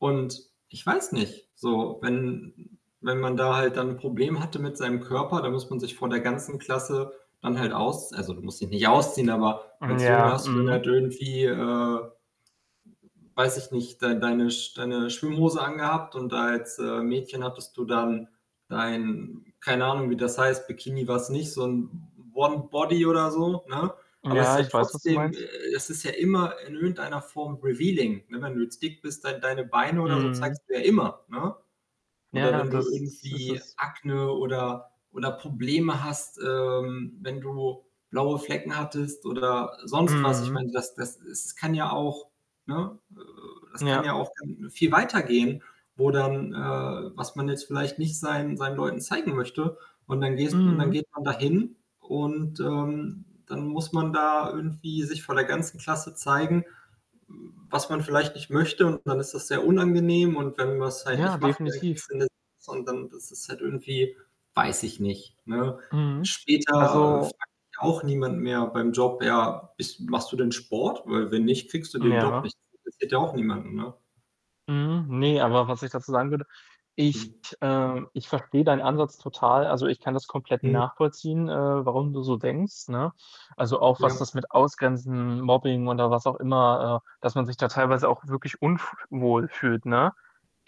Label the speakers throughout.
Speaker 1: Und ich weiß nicht, so, wenn wenn man da halt dann 'n Problem hatte mit seinem Körper, dann muss man sich vor der ganzen Klasse dann halt aus also, du musst dich nicht ausziehen, aber
Speaker 2: M
Speaker 1: als Junge
Speaker 2: ja,
Speaker 1: hast du dann
Speaker 2: mhm.
Speaker 1: halt irgendwie, äh weiß ich nicht, dei deine Sch deine Schwimmhose angehabt und als, äh, Mädchen hattest du dann dein keine Ahnung wie das heißt, Bikini war es nicht, so 'n One-Body oder so, ne? Aber es ist
Speaker 2: Ja,
Speaker 1: ja
Speaker 2: ich weiß, was du
Speaker 1: trotzdem
Speaker 2: meinst.
Speaker 1: es ist ja immer in irgendeiner Form revealing, ne? Wenn du jetzt dick bist, dei deine Beine oder so
Speaker 2: Mhm.
Speaker 1: zeigst du ja immer, ne? Oder
Speaker 2: Ja,
Speaker 1: wenn du
Speaker 2: das das ist
Speaker 1: irgendwie
Speaker 2: es.
Speaker 1: Akne oder oder Probleme hast, ähm, wenn du blaue Flecken hattest oder sonst was. Ich
Speaker 2: Mhm.
Speaker 1: meine, das das es kann ja auch ne, äh das kann ja
Speaker 2: Ja.
Speaker 1: auch gan viel weiter gehen, wo dann äh, was man jetzt vielleicht nicht seinen seinen Leuten zeigen möchte und dann gehst und dann
Speaker 2: Mhm.
Speaker 1: geht man dahin und, ähm, dann muss man da irgendwie sich vor der ganzen Klasse zeigen, was man vielleicht nicht möchte und dann ist das sehr unangenehm und wenn man's halt
Speaker 2: Ja,
Speaker 1: nicht macht, dann
Speaker 2: definitiv.
Speaker 1: kriegst du 'ne 6 und dann ist es halt irgendwie weiß ich nicht, ne?
Speaker 2: Mhm.
Speaker 1: Später
Speaker 2: Also
Speaker 1: fragt ja auch niemand mehr beim Job: „Ja, bist machst du denn Sport? Weil wenn nicht, kriegst du den Job
Speaker 2: Ja.
Speaker 1: nicht.“ Das interessiert ja auch niemanden, ne?
Speaker 2: Mhm. Ne, aber was ich dazu sagen würde, ich,
Speaker 1: Hm.
Speaker 2: ähm ich verstehe deinen Ansatz total. Also, ich kann das komplett
Speaker 1: Mhm.
Speaker 2: nachvollziehen, äh, warum du so denkst, ne? Also, auch was
Speaker 1: Ja.
Speaker 2: das mit Ausgrenzen, Mobbing oder was auch immer äh, dass man sich da teilweise auch wirklich unf wohl fühlt, ne?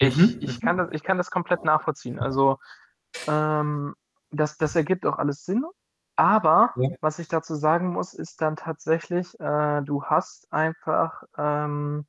Speaker 1: Mhm,
Speaker 2: ich kann
Speaker 1: mhm.
Speaker 2: das ich kann das komplett nachvollziehen. Also, ähm, das das ergibt auch alles Sinn. Aber
Speaker 1: Ja.
Speaker 2: was ich dazu sagen muss, ist dann tatsächlich, äh, du hast einfach, ähm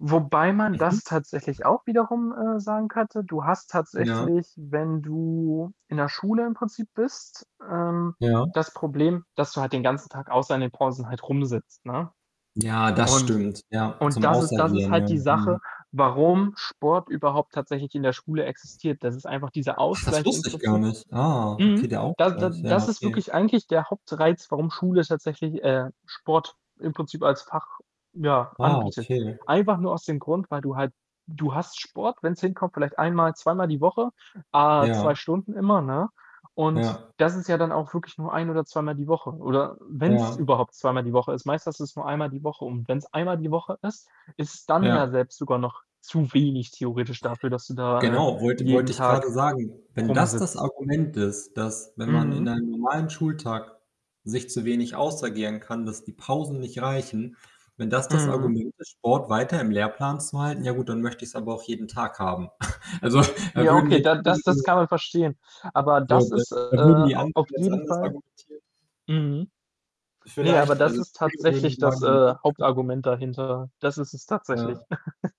Speaker 2: wobei man
Speaker 1: Mhm.
Speaker 2: das tatsächlich auch wiederum, äh, sagen könnte. Du hast
Speaker 1: Ja.
Speaker 2: tatsächlich, wenn du in der Schule im Prinzip bist, ähm,
Speaker 1: Ja.
Speaker 2: das Problem, dass du halt den ganzen Tag außer in den Pausen halt rumsitzt, ne,
Speaker 1: Ja, das
Speaker 2: und
Speaker 1: stimmt. Ja,
Speaker 2: und
Speaker 1: zum
Speaker 2: das ist das ist
Speaker 1: Ausagieren,
Speaker 2: halt
Speaker 1: ja,
Speaker 2: die
Speaker 1: mhm.
Speaker 2: Sache, warum Sport überhaupt tatsächlich in der Schule existiert. Das ist einfach dieser
Speaker 1: Ach, das
Speaker 2: Ausgleich im
Speaker 1: wusste ich gar
Speaker 2: Prinzip
Speaker 1: nicht. Ah,
Speaker 2: mhm.
Speaker 1: okay, der
Speaker 2: Da da
Speaker 1: Ausgleich. Ja,
Speaker 2: das ist
Speaker 1: okay.
Speaker 2: wirklich eigentlich der Hauptreiz, warum Schule tatsächlich, äh, Sport im Prinzip als Fach, ja,
Speaker 1: Ah,
Speaker 2: anbietet.
Speaker 1: okay.
Speaker 2: Einfach nur aus dem Grund, weil du halt du hast Sport, wenn's hinkommt, vielleicht einmal, zweimal die Woche, á 2
Speaker 1: Ja.
Speaker 2: Stunden immer, ne, und
Speaker 1: Ja.
Speaker 2: das ist ja dann auch wirklich nur ein oder zweimal die Woche oder wenn's
Speaker 1: Ja.
Speaker 2: überhaupt zweimal die Woche ist, meistens hast du's nur einmal die Woche und wenn's einmal die Woche ist, ist es dann ja
Speaker 1: Ja.
Speaker 2: selbst sogar noch zu wenig theoretisch dafür, dass du da, äh,
Speaker 1: Genau, wollte
Speaker 2: jeden
Speaker 1: wollte ich
Speaker 2: Tag
Speaker 1: grade sagen. Wenn das das
Speaker 2: rumsitzt.
Speaker 1: Argument ist, dass, wenn man in
Speaker 2: Mhm.
Speaker 1: einem normalen Schultag sich zu wenig ausagieren kann, dass die Pausen nicht reichen, wenn das das
Speaker 2: Mhm.
Speaker 1: Argument ist, Sport weiter im Lehrplan zu halten, ja gut, dann möchte ich's aber auch jeden Tag haben. Also, da
Speaker 2: Ja,
Speaker 1: würden
Speaker 2: okay,
Speaker 1: jetzt
Speaker 2: da das das
Speaker 1: andere
Speaker 2: kann man verstehen. Aber
Speaker 1: So,
Speaker 2: das
Speaker 1: dann
Speaker 2: ist, äh,
Speaker 1: dann würden die
Speaker 2: a
Speaker 1: anderen
Speaker 2: auf
Speaker 1: das
Speaker 2: jeden
Speaker 1: anders
Speaker 2: Fall
Speaker 1: argumentieren?
Speaker 2: mhm. Ne, aber
Speaker 1: Vielleicht
Speaker 2: das
Speaker 1: also,
Speaker 2: ist
Speaker 1: viele würden
Speaker 2: tatsächlich das,
Speaker 1: sagen.
Speaker 2: äh,
Speaker 1: [unintelligible]
Speaker 2: Hauptargument dahinter. Das ist es tatsächlich.
Speaker 1: Ja.